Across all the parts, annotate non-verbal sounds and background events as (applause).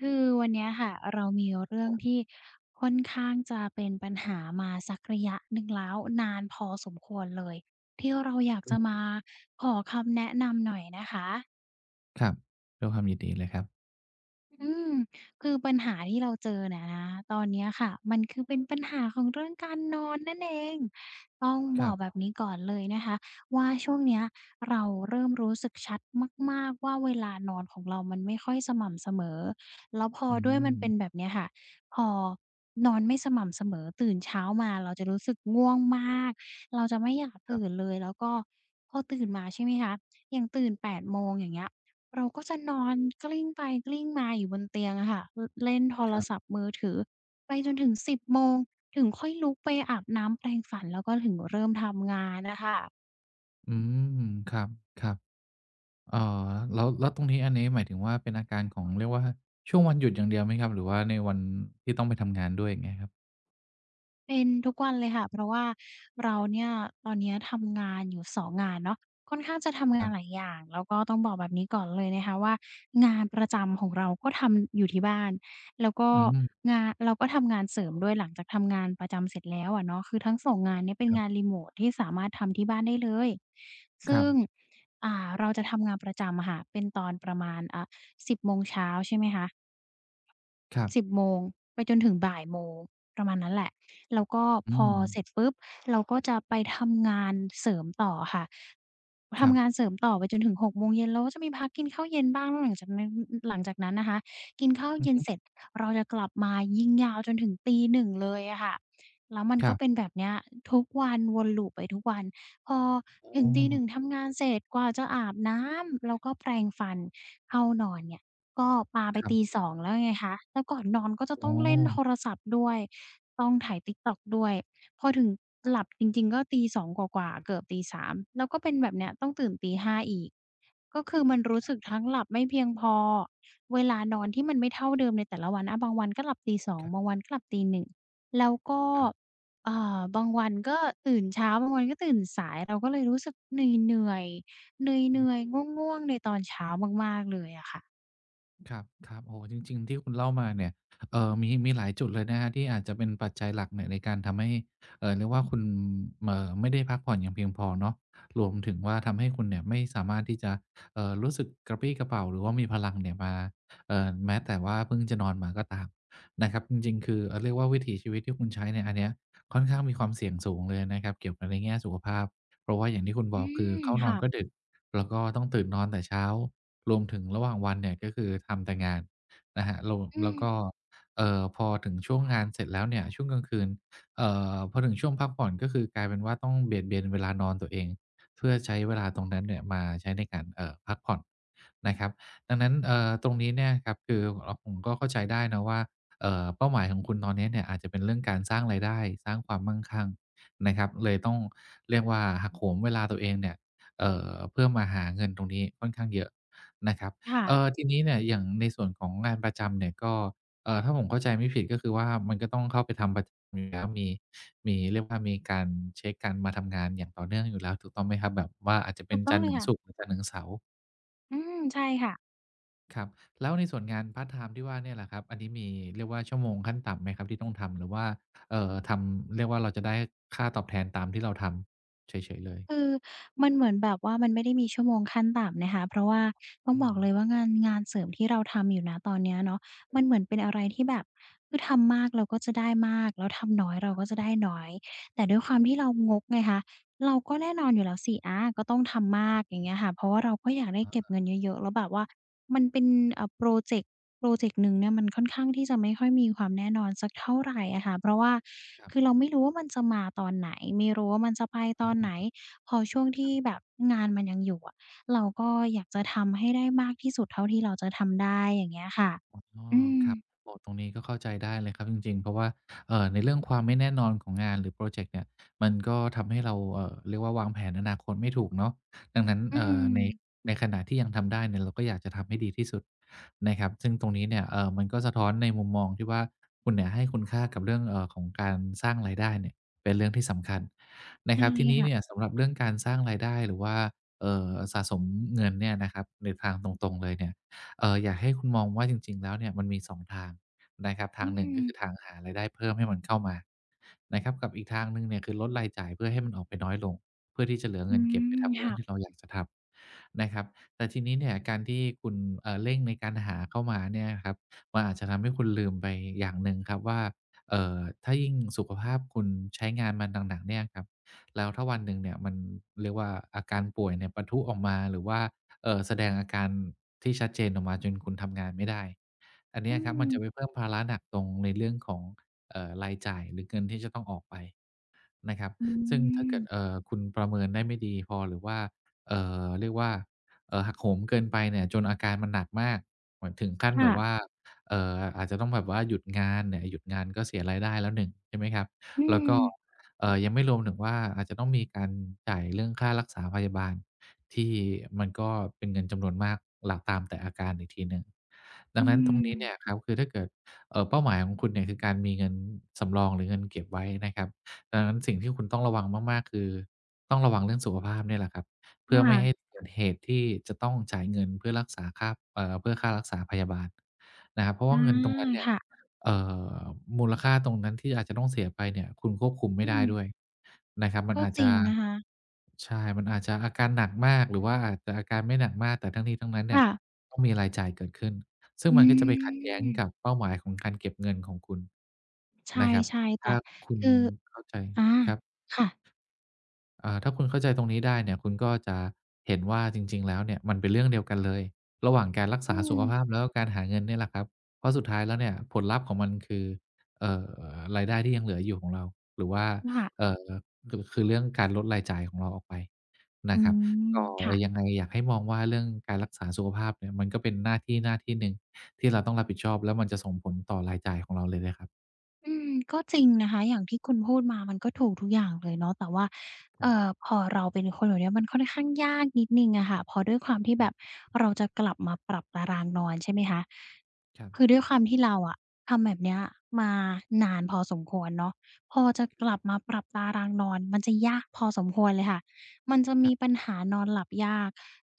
คือวันเนี้ยค่ะ เรามีเรื่องท(unintelligible) ี่ค่อนข้างจะเป็นปัญหามาสักระยะหนึ่งแล้ว นานพอสมควรเลย ที่เราอยากอืจะมาม ขอคำแนะนำหน่อยนะคะ ครับ ด้วยความยินดีเลยครับ อืม คือปัญหาที่เราเจอเนี่ยนะ ตอนเนี้ยค่ะ มันคือเป็นปัญหาของเรื่องการนอนนั่นเอง ต้องบครอักบ แบบนี้ก่อนเลยนะคะว่า ช่วงเนี้ยเราเริ่มรู้สึกชัดมาก ๆ ว่า เวลานอนของเรามันไม่ค่อยสม่ำเสมอ แล้วพออืด้วยมันเป็นม แบบนี้ค่ะ พอนอนไม่สม่ำเสมอ ตื่นเช้ามาเราจะรู้สึกง่วงมาก เราจะไม่อยากตครัืบ ่นเลย แล้วก็พอตื่นมา ใช่ไหมคะ อย่างตื่น 8:00 โมง อย่างเงี้ย เราก็จะนอนกลิ้งไปกลิ้งมาอยู่บนเตียงอะค่ะ อ เล่นโทครรับ ศัพท์มือถือไปจนถึง 10:00 โมงถึงค่อยลุกไปอาบน้ำแปรงฝัน แล้วก็ถึงเริ่มทำงานน่ะค่ะ อืม ครับ ๆ อ่า แล้ว แล้วตรงนี้ อันนี้หมายถึงว่า เป็นอาการของ เรียกว่า ช่วงวันหยุดอย่างเดียวไหมครับ หรือว่าในวันที่ต้องไปทำงานด้วย? อย่างเงี้ยครับ เป็นทุกวันเลยค่ะ เพราะว่าเราเนี่ย ตอนเนี้ยทำงานอยู่ 2 งานเนาะ ค่อนข้างจะทำงคารนับ หลายอย่าง แล้วก็ต้องบอกแบบนี้ก่อนเลยนะคะว่า งานประจำของเราก็ทำอยู่ที่บ้าน แล้วก็อืม งาน เราก็ทำงานเสริมด้วย หลังจากทำงานประจำเสร็จแล้ว อะเนาะ คือทั้ง 2 งานเนี้ยเป็นครงับ านริโมต ที่สามารถทำที่บ้านได้เลย ซคึรั่ง บ อ่า เราจะทำงานประจำอะค่ะ เป็นตอนประมาณ อ่า 10 โมงเช้า ใช่ไหมคะ ครับ 10 โมงไปจนถึง 13:00 ประมาณนั้นแหละ แล้วก็อืพอ ม เสร็จปุ๊บ เราก็จะไปทำงานเสริมต่อค่ะ ทครับ ำงานเสริมต่อ ไปจนถึง 18:00 แล้วก็จะมีพักกินข้าวเย็นบ้าง แล้วหลัง จากนั้น หลังจากนั้นนะคะ กินข้าวอืเยอ็ฮนึ เสร็จ เราจะกลับมายิงยาวจนถึง 1:00 เลยอะค่ะ แล้วมันครกั็บ เป็นแบบเนี้ย ทุกวัน วน loop ไปทุกวัน พอโอถึง ตีหนึ่้ ง ทำงานเสร็จกว่าจะอาบน้ำ แล้วก็แปรงฟัน เข้านอนเนี่ยก็ปาไป ครับ 2:00 แล้วไงคะ แล้วก่อนนอนก็จะอต๋้องเล่นอ โทรศัพท์ด้วย ต้องไถ TikTok ด้วย พอถึงหลับจริง ๆ ก็ 2:00 กว่า ๆ เกือบ 3:00 แล้วก็เป็นแบบเนี้ย ต้องตื่น 5:00 อีก ก็คือมันรู้สึกทั้งหลับไม่เพียงพอ เวลานอนที่มันไม่เท่าเดิมในแต่ละวันนะบางวันก็หลับ 2:00 ครับ บางวันก็หลับ 1:00 แล้วก็ ครับ อ่า บางวันก็ตื่นเช้า บางวันก็ตื่นสาย เราก็เลยรู้สึกเหนื่อย ๆ เอนืืม อย ๆ ง่วง ๆ ในตอนเช้ามาก ๆ เลยอะค่ะ ครับ ๆ โอ้โฮ จริง ๆ ที่คุณเล่ามาเนี่ย เอ่อ มี มีหลายจุดเลยนะครับ ที่อาจจะเป็นปัจจัยหลักเนี้ยในการทำให้ เอ่อ เรียกว่า คุณ เอ่อ ไม่ได้พักผ่อนอย่างเพียงพอเนาะ รวมถึงว่า ทำให้คุณเนี่ยไม่สามารถที่จะ เอ่อ รู้สึกกระปรี้กระเป๋า หรือว่ามีพลังเนี่ยมา เอ่อ แม้แต่ว่าเพิ่งจะนอนมาก็ตามนะครับ จริง ๆ คือ อ่า เรียกว่า วิถีชีวิตที่คุณใช้เนี่ย อันเนี้ยค่อนข้างมีความเสี่ยงสูงเลยนะครับ เกี่ยวกับในแง่สุขภาพ เพราะว่าอย่างที่คุณอบือก คืออ เข้านคอ่นะ ก็ดึก แล้วก็ต้องตื่นนอนแต่เช้า รวมถึงระหว่างวันเนี่ย ก็คือทำแต่งานนะครับ โหลด อืแล้วม ก็ เอ่อ พอถึงช่วงงานเสร็จแล้วเนี่ย ช่วงกลางคืน เอ่อ พอถึงช่วงพักผ่อน ก็คือกลายเป็นว่าต้องเบียดเบียนเวลานอนตัวเองเพื่อใช้เวลาตรงนั้นเนี่ยมาใช้ในการ เอ่อ พักผ่อนนะครับ ดังนั้น เอ่อ ตรงนี้เนี่ยครับ คือ อ่า ผมก็เข้าใจได้เนาะว่า เอ่อ เป้าหมายของคุณตอนนี้เนี่ยอาจจะเป็นเรื่องการสร้างรายได้ สร้างความมั่งคั่งนะครับ เลยต้องเรียกว่า หักโหมเวลาตัวเองเนี่ย เอ่อ เพื่อมาหาเงินตรงนี้ค่อนข้างเยอะนะครับ ค่เอะ ่อ ทีนี้เนี่ยอย่างในส่วนของงานประจำเนี่ยก็ เอ่อ ถ้าผมเข้าใจไม่ผิด ก็คือว่ามันก็ต้องเข้าไปทำประ มี แล้ว มี มี เรียกว่า มีการเช็กการมาทำงานอย่างต่อเนื่องอยู่แล้วถูกต้องไหมครับ? แบบว่าอาจจะเปถ็ูนกต้จอังนทเรล์ถยึงค่ะ ศุกร์ จันทร์ถึงเสาร์ อืม ใช่ค่ะ ครับ แล้วในส่วนงานพาร์ตไทม์ที่ว่าเนี่ยล่ะครับ อันนี้มี เรียกว่า ชั่วโมงขั้นต่ำไหมครับที่ต้องทำ? หรือว่า เอ่อ ทำ เรียกว่า เราจะได้ค่าตอบแทนตามที่เราทำเฉย ๆ เลย? คือมันเหมือนแบบว่า มันไม่ได้มีชั่วโมงขั้นต่ำนะคะ เพราะว่าต้องอบอืกม เลยว่า งาน งานเสริมที่เราทำอยู่ ณ ตอนเนี้ยเนาะ มันเหมือนเป็นอะไรที่แบบ คือทำมากเราก็จะได้มาก แล้วทำน้อยเราก็จะได้น้อย แต่ด้วยความที่เรางกไงคะ เราก็แน่นอนอยู่แล้วสิ อา ก็ต้องทำมครัาบ ก อย่างเงี้ยค่ะ เพราะว่าเราก็อยากได้อ๋เก็บเอ งินเยอะ ๆ แล้วแบบว่า มันเป็น อ่า พรอเจกต์ พรอเจกต์หนึ่งเนี่ย มันค่อนข้างที่จะไม่ค่อยมีความแน่นอนสักเท่าไรอะค่ะ เพราะว่าครัคบ ือเราไม่รู้ว่ามันจะมาตอนไหน? ไม่รู้ว่ามันจะไปอตือนไหน? ม พอช่วงที่(unintelligible) แบบงานมันยังอยู่อะ เราก็อยากจะทำให้ได้มากที่สุดเท่าที่เราจะทำได้ อย่างเงี้ยค่ะ อ๋อ อืครับ ม โอ้ ตรงนี้ก็เข้าใจได้เลยครับ จริง ๆ เพราะว่า เอ่อ ในเรื่องความไม่แน่นอนของงานหรือพรอเจกต์เนี่ย มันก็ทำให้เรา เอ่อ เรียกว่าวางแผนอนาคตไม่ถูกเนาะ ดังนั้น อเือ่อ ใน ม ในขณะที่ยังทำได้เนี่ย เราก็อยากจะทำให้ดีที่สุดนะครับ ซึ่งตรงนี้เนี่ย เอ่อ มันก็สะท้อนในมุมมองที่ว่า คุณเนี่ยให้คุณค่ากับเรื่อง เอ่อ ของการสร้างรายได้เนี่ยเป็นเรื่องที่สำคัญนะครับ ทีนี้เน(unintelligible) ี่ยสำหรับเรื่องการสร้างรายได้หรือว่า เอ่อ สะสมเงินเนี่ยนะครับ ในทางตรง ๆ เลยเนี่ย เอ่อ อยากให้คุณมองว่าจริง ๆ แล้วเนี่ย มันมี 2 ทางนะครับ ทอืางหนึ่ง ก็คืม อทางหารายได้เพิ่มให้มันเข้ามานะครับ กับอีกทางหนึ่งเนี่ย คือลดรายจ่ายเพื่อให้มันออกไปน้อยลง เพื่อที่จะเหลืออเืงินเก็บไปม ทำเรคื่่องะ ที่เราอยากจะทำนะครับ แต่ทีนี้เนี่ย การที่คุณ เอ่อ เร่งในการหาเข้ามาเนี่ยนะครับ มันอาจจะทำให้คุณลืมไปอย่างหนึ่งครับว่า เอ่อ ถ้ายิ่งสุขภาพคุณใช้งานมาหนัก ๆ เนี่ยครับ แล้วถ้าวันหนึ่งเนี่ยมัน เรียกว่า อาการป่วยเนี่ยปะทุออกมา หรือว่า เอ่อ แสดงอาการที่ชัดเจนออกมาจนคุณทำงานไม่ได้ อันเนอี้ืยครับ มันม จะไปเพิ่มภาระหนักตรงในเรื่องของ เอ่อ รายจ่ายหรือเงิน ที่จะต้องออกไปนะครับ อืซึ่งถ้าเกิม ด เอ่อ คุณประเมินได้ไม่ดีพอ หรือว่า เอ่อ เรียกว่า เอ่อ หักโหมเกินไปเนี่ย จนอาการมันหนักมาก เหมือนถึงขั้นค่แบบวะ ่า เอ่อ อาจจะต้องแบบว่าหยุดงานเนี่ย หยุดงานก็เสียรายได้แล้ว 1 ใช่ไหมครับ? อืแล้วก็ ม เอ่อ ยังไม่รวมถึงว่า อาจจะต้องมีการจ่ายเรื่องค่ารักษาพยาบาล ที่มันก็เป็นเงินจำนวนมากหลักตามแต่อาการอีกทีหนึ่ง ดอัืงนั้นตรงนี้เนี่ม ยครับ คือถ้าเกิด เอ่อ เป้าหมายของคุณเนี่ย คือการมีเงินสำรองหรือเงินเก็บไว้นะครับ ดังนั้นสิ่งที่คุณต้องระวังมาก ๆ คือต้องระวังเรื่องสุขภาพเนี่ยแหละครับ เพืค่อไม่่ะ ให้เกิดเหตุที่จะต้องจ่ายเงินเพื่อรักษาค่า เอ่อ เพื่อค่ารักษาพยาบาลนะครับ เพราะวอื่าเงินตรงม นั้นเนี่คย ่ะ เอ่อ มูลค่าตรงนั้นที่อาจจะต้องเสียไปเนี่ย คุณควบคุมไมอ่ืได้ม ด้วยนะครับ มักน็อาจจจริะ งนะคะ ใช่ มันอาจจะอาการหนักมาก หรือว่าอาจจะอาการไม่หนักมาก แต่ทั้งนี้ทั้งนั้นเนคี่่ย ะ ต้องมีรายจ่ายเกิดขึ้น ซึ่องืมันก็จะไปขัดแย้งกม ับเป้าหมายของ การเก็บเงินของคุณในะครับ ช่ ๆ แตถ่้าคุคณือ เข้าใจ อา ครับ ค่ะ อ่า ถ้าคุณเข้าใจตรงนี้ได้เนี่ย คุณก็จะเห็นว่าจริง ๆ แล้วเนี่ย มันเป็นเรื่องเดียวกันเลย ระหว่างการรักอษืาสุขม ภาพ แล้วก็การหาเงินเนี่ยแหละครับ เพราะสุดท้ายแล้วเนี่ยผลลัพธ์ของมัน คือ เอ่อ รายได้ที่ยังเหลืออยู่ของเรา หรือว่า ค่ะ เอ่อ คือ คือเรื่องการลดรายจ่ายของเราออกไปนอืะครับ ม ก็ค่ะ ยังไงอยากให้มองว่า เรื่องการรักษาสุขภาพเนี่ย มันก็เป็นหน้าที่ หน้าที่หนึ่งที่เราต้องรับผิดชอบ แล้วมันจะส่งผลต่อรายจ่ายของเราเลยนะครับ อืม ก็จริงนะคะ อย่างที่คุณพูดมามันก็ถูกทุกอย่างเลยเนาะ แต่ว่า คเอรั่บ อ พอเราเป็นคนเหล่านี้ มันค่อนข้างยากนิดหนึ่งอะค่ะ เพราะด้วยความที่อืแบบม เราจะกลับมาปรับตารางนอน ใช่ไหมคะ ครับ คือด้วยความที่เราอะ ทำแบบเนี้ยมานานพอสมควรเนาะ พอจะครกับ ลับมาปรับตารางนอนมันจะยากพอสมควรเลยค่ะ มันจะคมรัีบ ปัญหานอนหลับยาก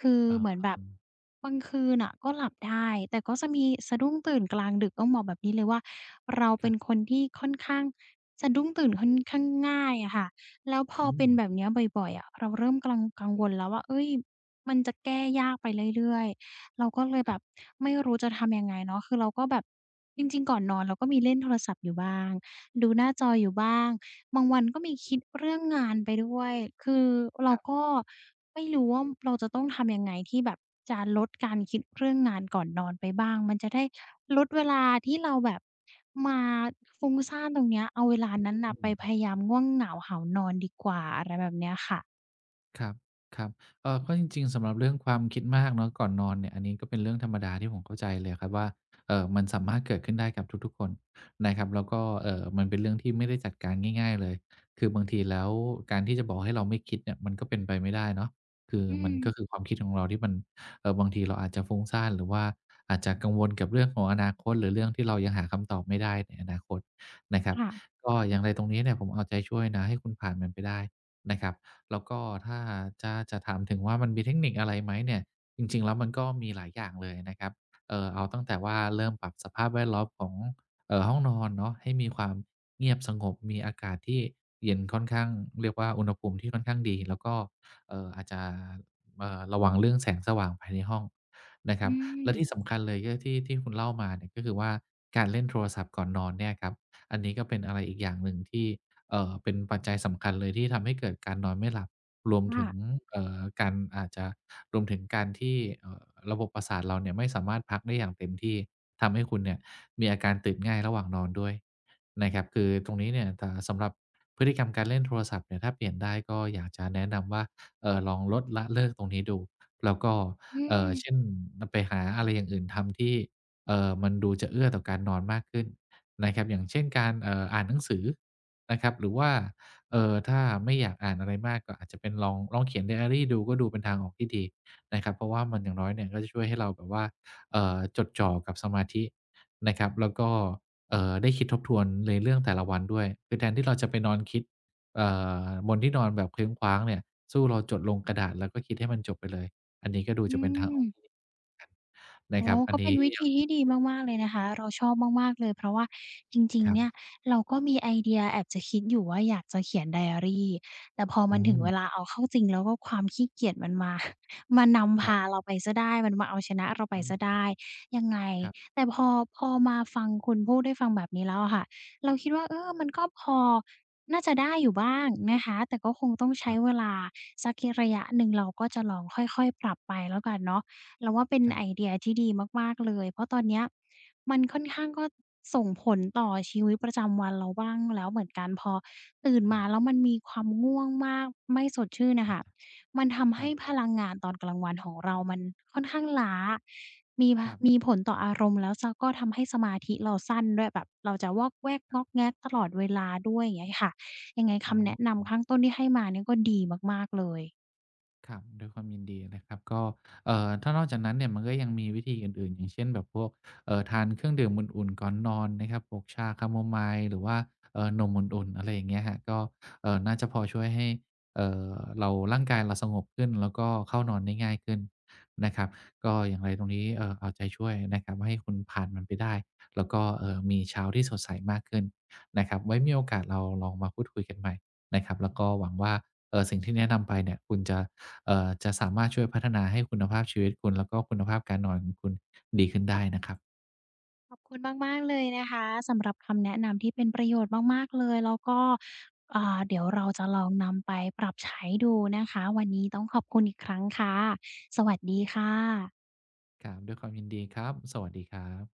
คืออา เหมือนแบอบืม บางคืนน่ะก็หลับได้ แต่ก็จะมีสะดุ้งตื่นกลางดึก ต้องบอกแบบนี้เลยว่า เราเคป็รับ นคนที่ค่อนข้าง สะดุ้งตื่นค่อนข้างง่ายอะค่ะ แล้วพออืเป็นแบบม เนี้ยบ่อย ๆ อะ เราเริ่มกรัง กังวลแล้วว่า เฮ่ย มันจะแก้ยากไปเรื่อย ๆ เราก็เลยแคบรับ บไม่รู้จะทำยังไงเนาะ คือเราก็แบบ จริง ๆ ก่อนนอนเราก็มีเล่นโทรศัพท์อยู่บ้าง ดูหน้าจครับ ออยู่บ้าง บางวันก็มีคิดเรื่องงานไปด้วย คือเรคารับ ก็ไม่รู้ว่า เราจะต้องทำยังไง ที่แบบจะลดการคิดเรื่องงานก่อนนอนไปบ้าง มันจะได้ลดเวลาที่เราแบบมาฟุ้งซ่านตรงเนี้ย เอาเวลาเอ๊ะ นั้นนอ่ืะไปพม ยายามง่วงเหงาหาวนอนดีกว่า อะไรแบบเนี้ยค่ะ ครับ ๆ เอ่อ เพราะจริง ๆ สำหรับเรื่องความคิดมากเนาะ ก่อนนอนเนี่ย อันนี้ก็เป็นเรื่องธรรมดา ที่ผมเข้าใจเลยครับว่า เอ่อ มันสามารถเกิดขึ้นได้กับทุก ๆ คนนะครับ แล้วก็ เอ่อ มันเป็นเรื่องที่ไม่ได้จัดการง่าย ๆ เลย คือบางทีแล้ว การที่จะบอกให้เราไม่คิดเนี่ย มันก็เป็นไปไม่ได้เนาะ คืออืมันกม ็คือความคิดของเราที่มัน เอ่อ บางทีเราอาจจะฟุ้งซ่าน หรือว่าอาจจะกังวลกับเรื่องของอนาคต หรือเรื่องที่เรายังหาคำตอบไม่ได้ในอนาคตนะครัคบ ่ะ ก็อย่างไรตรงนี้เนี่ย ผมเอาใจช่วยนะให้คุณผ่านมันไปได้นะครับ แล้วก็ถ้าจะ จะถามถึงว่ามันมีเทคนิคอะไรไหมเนี่ย จริง ๆ แล้วมันก็มีหลายอย่างเลยนะครับ เอ่อ เอาตั้งแต่ว่าเริ่มปรับสภาพแวดล้อมของ เอ่อ ห้องนอนเนาะ ให้มีความเงียบสงบ มีอากาศที่เย็นค่อนข้างเรียกว่า อุณหภูมิที่ค่อนข้างดี แล้วก็ เอ่อ อาจจะ เอ่อ ระวังเรื่องแสงสว่างภายในห้องนะคอรืับ และม ที่สำคัญเลยก็ที่ ที่คุณเล่ามาเนี่ย ก็คือว่าการเล่นโทรศัพท์ก่อนนอนเนี่ยครับ อันนี้ก็เป็นอะไรอีกอย่างหนึ่งที่ เอ่อ เป็นปัจจัยสำคัญเลย ที่ทำให้เกิดการนอนไม่หลับ รวมคถ่ึะ ง เอ่อ การ อาจจะรวมถึงการที่ เอ่อ ระบบประสาทเราเนี่ย ไม่สามารถพักได้อย่างเต็มที่ ทำให้คุณเนี่ย มีอาการตื่นง่ายระหว่างนอนด้วยนะครับ คือตรงนี้เนี่ย เอ่อ สำหรับพฤติกรรมการเล่นโทรศัพท์เนี่ย ถ้าเปลี่ยนได้ ก็อยากจะแนะนำว่า เอ่อ ลองลด ละ เลิกตรงนี้ดู แล้วก็ อืเอ่อ ม เช่น น ไปหาอะไรอย่างอื่นทำ ที่ เอ่อ มันดูจะเอื้อต่อการนอนมากขึ้นนะครับ อย่างเช่นการ เอ่อ การอ่านหนังสือนะครับ หรือว่า เอ่อ ถ้าไม่อยากอ่านอะไรมาก ก็อาจจะเป็นลอง ลองเขียนไดอะรีดู ก็ดูเป็นทางออกที่ดีนะครับ เพราะว่ามัน อย่างน้อยเนี่ย ก็จะช่วยให้เราแบบว่า เอ่อ จดจ่อกับสมาธินะครับ แล้วก็ เอ่อ ได้คิดทบทวนในเรื่องแต่ละวันด้วย คือแทนที่เราจะไปนอนคิด เอ่อ บนที่นอนแบบเคว้งคว้างเนี่ย สู้เราจดลงกระดาษ แล้วก็คิดให้มันจบไปเลย อันนี้ก็ดูอืจะเป็นทางออกม ที่ดี นโอะ้คโรัฮ บ อักน็นเปี็้นวิยธัีทีง ่ดีมาก ๆ เลยนะคะ เราชอบมาก ๆ เลย เพราะว่าจริง คๆ รัเนี่บ ย เราก็มีไอเดียแอบจะคิดอยู่ว่าอยากจะเขียนไดอะรี แต่พอมอันถึงเวืม ลาเอาเข้าจริง แล้วก็ความขี้เกียจมันมา (chuckles) มานำพครับ าเราไปเสียได้ มันมาเอาชนะเราไปอเสียไดืม ้ยังไง ครับ แต่พอ พอมาฟังคุณพูด ได้ฟังแบบนี้แล้วอะค่ะ เราคิดว่า เอ่อ มันก็พอ น่าจะได้อยู่บ้างนะคะ แต่ก็คงต้องใชค้รับ เวลาสักระยะหนึ่งเรา ก็จะลองค่อย ๆ ปรับไปแล้วกันเนาะ เราว่าเป็นครัไบ อเดียที่ดีมาก ๆ เลย เพราะตอนเนี้ยมันค่อนข้าง ก็ส่งผลต่อชีวิตประจำวันเราบ้างแล้วเหมือนกัน พอตื่นคมรัาบ แล้วมันมีความง่วงมาก ไม่สดชื่นอะค่ะ มันทำใคหรั้บ พลังงานตอนกลางวันของเรามันค่อนข้างล้า มี ผ ครัมบ ีผลต่ออารมณ์ แล้ว ส ก็ทำให้สมาธิเราสั้นด้วย แบบเราจะวอกแวกง่อกแง่กตลอดเวลาด้วย อย่างเงี้ยค่ะ ยังไงคอ๋ำแนะนำอ ข้างต้นที่ให้มานี่ก็ดีมาก ๆ เลย ครับ ด้วยความยินดีนะครับ ก็ เอ่อ ถ้านอกจากนั้นเนี่ย มันก็ยังมีวิธีอื่น ๆ อย่างเช่น แบบพวก เอ่อ ทานเครื่องดื่มอุ่น ๆ ก่อนนอนนะครับ พวกชาแคโมไมล์ หรือว่า เอ่อ นมอุ่น ๆ อะไรอย่างเงี้ยครับ ก็ เอ่อ น่าจะพอช่วยให้ เอ่อ เรา ร่างกายเราสงบขึ้นแล้ว ก็เข้านอนได้ง่ายขึ้นนะครับ ก็อย่างไรตรงนี้ เอ่อ เอาใจช่วยนะครับ ให้คุณผ่านมันไปได้ แล้วก็ เอ่อ มีเช้าที่สดใสมากขึ้นนะครับ ไว้มีโอกาสเราลองมาพูดคุยกันใหม่นะครับ แล้วก็หวังว่า เอ่อ สิ่งที่แนะนำไปเนี่ย คุณจะ เอ่อ จะสามารถช่วยพัฒนาให้คุณภาพชีวิตคุณ แล้วก็คุณภาพการนอนของคุณดีขึ้นได้นะครับ ขอบคุณมาก ๆ เลยนะคะ สำหรับคำแนะนำที่เป็นประโยชน์มาก ๆ เลย แล้วก็ อ่า เดี๋ยวเราจะลองนำไปปรับใช้ดูนะคะ วันนี้ต้องขอบคุณอีกครั้งค่ะ สวัสดีค่ะ ครับ ด้วยความยินดี ครับ สวัสดีครับ